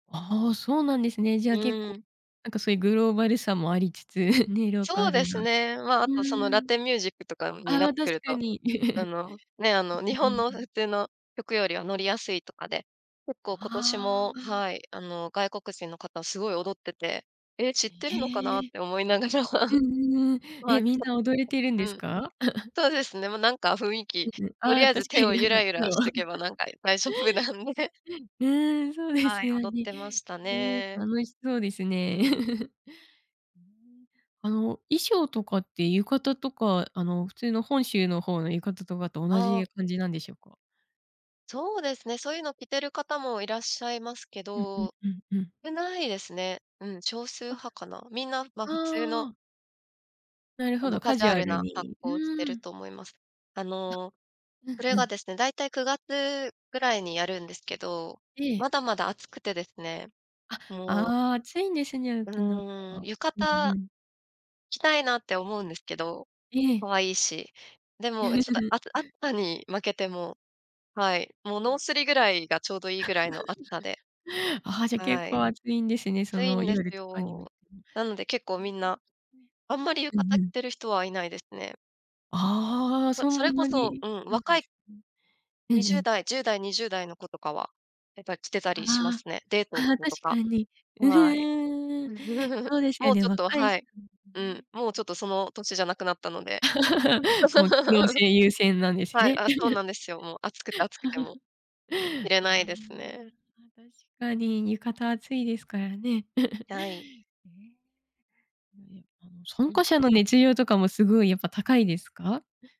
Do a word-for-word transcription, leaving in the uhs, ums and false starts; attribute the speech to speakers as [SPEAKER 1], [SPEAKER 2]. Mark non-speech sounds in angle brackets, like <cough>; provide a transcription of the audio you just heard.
[SPEAKER 1] ああ、そうなんですね。じゃあ、けっ
[SPEAKER 2] う
[SPEAKER 1] こ、
[SPEAKER 2] ん。
[SPEAKER 1] なんかそういう、グローバルさもありつつ、<giggles> ね、ローカ
[SPEAKER 2] そうで
[SPEAKER 1] ルな。
[SPEAKER 2] す
[SPEAKER 1] う
[SPEAKER 2] ね。ま、あとその、ラ
[SPEAKER 1] ーん。
[SPEAKER 2] テンミュージックとかにな
[SPEAKER 1] あ
[SPEAKER 2] っ
[SPEAKER 1] あ、
[SPEAKER 2] て
[SPEAKER 1] 確
[SPEAKER 2] くる
[SPEAKER 1] か
[SPEAKER 2] と、
[SPEAKER 1] に。
[SPEAKER 2] あ
[SPEAKER 1] <giggles> う
[SPEAKER 2] の、ね、あの日
[SPEAKER 1] うんう
[SPEAKER 2] 本
[SPEAKER 1] ん
[SPEAKER 2] の
[SPEAKER 1] うん。
[SPEAKER 2] 普通の曲よりは、乗りやすいとかで。結構今年
[SPEAKER 1] あ
[SPEAKER 2] も、
[SPEAKER 1] あ、あん。
[SPEAKER 2] はい、あの外国人の方、すごい踊ってて。ええ、知ってるのかな？っ
[SPEAKER 1] へえ。
[SPEAKER 2] て思いながら。
[SPEAKER 1] うんうんうん。
[SPEAKER 2] まあ。
[SPEAKER 1] え、みん
[SPEAKER 2] そう、
[SPEAKER 1] な踊れてるんで
[SPEAKER 2] で、う
[SPEAKER 1] す
[SPEAKER 2] ん。
[SPEAKER 1] か？<giggles>
[SPEAKER 2] そうですね、もうなんか雰囲気、
[SPEAKER 1] うんうん。
[SPEAKER 2] と
[SPEAKER 1] あ
[SPEAKER 2] り
[SPEAKER 1] あ、
[SPEAKER 2] あえず
[SPEAKER 1] 確か
[SPEAKER 2] 手を、
[SPEAKER 1] に。
[SPEAKER 2] ゆらゆらしとけば、なんか大丈夫なんで。
[SPEAKER 1] <unintelligible> うん、そうで
[SPEAKER 2] は
[SPEAKER 1] す
[SPEAKER 2] い、
[SPEAKER 1] よ
[SPEAKER 2] 踊っ
[SPEAKER 1] ね。
[SPEAKER 2] てました
[SPEAKER 1] ええ、
[SPEAKER 2] ね。
[SPEAKER 1] 楽しそうです
[SPEAKER 2] う
[SPEAKER 1] ね。
[SPEAKER 2] ん。
[SPEAKER 1] <giggles> うーん。あの衣装とかって、浴衣とかあの普通の、本州の方の浴衣とかと、同
[SPEAKER 2] ああ。
[SPEAKER 1] じ感じなんでしょうか？
[SPEAKER 2] そうですね、そういうのを着てる方も、いらっしゃいますけ
[SPEAKER 1] うんうん
[SPEAKER 2] ど、
[SPEAKER 1] うんうん。
[SPEAKER 2] 少ないですね。うん、少数
[SPEAKER 1] あ。
[SPEAKER 2] 派かな。みんな、ま、
[SPEAKER 1] あ
[SPEAKER 2] 普通の
[SPEAKER 1] あ。なる
[SPEAKER 2] あ
[SPEAKER 1] ほ
[SPEAKER 2] の
[SPEAKER 1] ど、
[SPEAKER 2] カ
[SPEAKER 1] カ
[SPEAKER 2] ジュ
[SPEAKER 1] ジュ
[SPEAKER 2] ア
[SPEAKER 1] ア
[SPEAKER 2] ル
[SPEAKER 1] ル
[SPEAKER 2] な格
[SPEAKER 1] に。う
[SPEAKER 2] 好をして
[SPEAKER 1] ー
[SPEAKER 2] る
[SPEAKER 1] ん。
[SPEAKER 2] と思います。あ
[SPEAKER 1] あ、
[SPEAKER 2] の、
[SPEAKER 1] う
[SPEAKER 2] そ
[SPEAKER 1] ん
[SPEAKER 2] れ
[SPEAKER 1] う
[SPEAKER 2] が
[SPEAKER 1] ん。
[SPEAKER 2] ですね、大体くがつぐらいにやるんですけど。
[SPEAKER 1] え
[SPEAKER 2] ま
[SPEAKER 1] え。
[SPEAKER 2] だまだ暑くてですね、
[SPEAKER 1] あ、
[SPEAKER 2] もう。
[SPEAKER 1] ああ、暑いんですね、
[SPEAKER 2] う
[SPEAKER 1] 沖縄
[SPEAKER 2] ーん、
[SPEAKER 1] は。
[SPEAKER 2] 浴
[SPEAKER 1] うん
[SPEAKER 2] 衣、
[SPEAKER 1] うん。
[SPEAKER 2] 着たいなって思うんですけど、
[SPEAKER 1] ええ。
[SPEAKER 2] 可愛いし。でもちょっと、
[SPEAKER 1] <giggles>
[SPEAKER 2] あつ暑さに負けて、もう。はい、もうノー
[SPEAKER 1] あ。
[SPEAKER 2] スリぐらいが、ちょうどいいぐらいの暑さで。
[SPEAKER 1] <giggles> ああ、じゃあ結
[SPEAKER 2] はい。
[SPEAKER 1] 構暑いんですね、そ
[SPEAKER 2] 暑い
[SPEAKER 1] の
[SPEAKER 2] んです
[SPEAKER 1] 夜とかに。
[SPEAKER 2] よ。なので結構みん
[SPEAKER 1] <unintelligible>
[SPEAKER 2] な、あんまり浴
[SPEAKER 1] う
[SPEAKER 2] 衣
[SPEAKER 1] んう
[SPEAKER 2] 着
[SPEAKER 1] ん。
[SPEAKER 2] てる人は、いないですね。
[SPEAKER 1] ああ、
[SPEAKER 2] ま、
[SPEAKER 1] そ
[SPEAKER 2] それ
[SPEAKER 1] ん
[SPEAKER 2] こ
[SPEAKER 1] な
[SPEAKER 2] そ、
[SPEAKER 1] に。
[SPEAKER 2] うん、
[SPEAKER 1] うん、
[SPEAKER 2] 若い
[SPEAKER 1] うん。う
[SPEAKER 2] に
[SPEAKER 1] んう
[SPEAKER 2] じゅう
[SPEAKER 1] ん。
[SPEAKER 2] だいじゅうだい、にじゅうだいの子とかは、やっぱり着てた
[SPEAKER 1] ああ
[SPEAKER 2] りしま
[SPEAKER 1] あ
[SPEAKER 2] すね。デートの
[SPEAKER 1] あ。あ、
[SPEAKER 2] 子
[SPEAKER 1] 確
[SPEAKER 2] と
[SPEAKER 1] か
[SPEAKER 2] か。
[SPEAKER 1] に。う
[SPEAKER 2] はい。
[SPEAKER 1] ふん。
[SPEAKER 2] <chuckles>
[SPEAKER 1] そうですよ
[SPEAKER 2] もう
[SPEAKER 1] ね、
[SPEAKER 2] ちょっと
[SPEAKER 1] 若い
[SPEAKER 2] は
[SPEAKER 1] 人
[SPEAKER 2] い、うん、
[SPEAKER 1] ね。
[SPEAKER 2] もうちょっと、その歳じゃなくなったので。
[SPEAKER 1] <laughs> もう、機能
[SPEAKER 2] <laughs>
[SPEAKER 1] 性優先なんです
[SPEAKER 2] はい、
[SPEAKER 1] ね。
[SPEAKER 2] あ、そうなんですよ。もう暑くて
[SPEAKER 1] <giggles>
[SPEAKER 2] 暑くて、もう。着れ
[SPEAKER 1] ああ。
[SPEAKER 2] ないですね。
[SPEAKER 1] 確かに浴衣、暑いですからね。<giggles>
[SPEAKER 2] はい。
[SPEAKER 1] ね。うん、あの、参
[SPEAKER 2] うん。
[SPEAKER 1] 加者の熱量とかも、すごいやっぱ高いですか？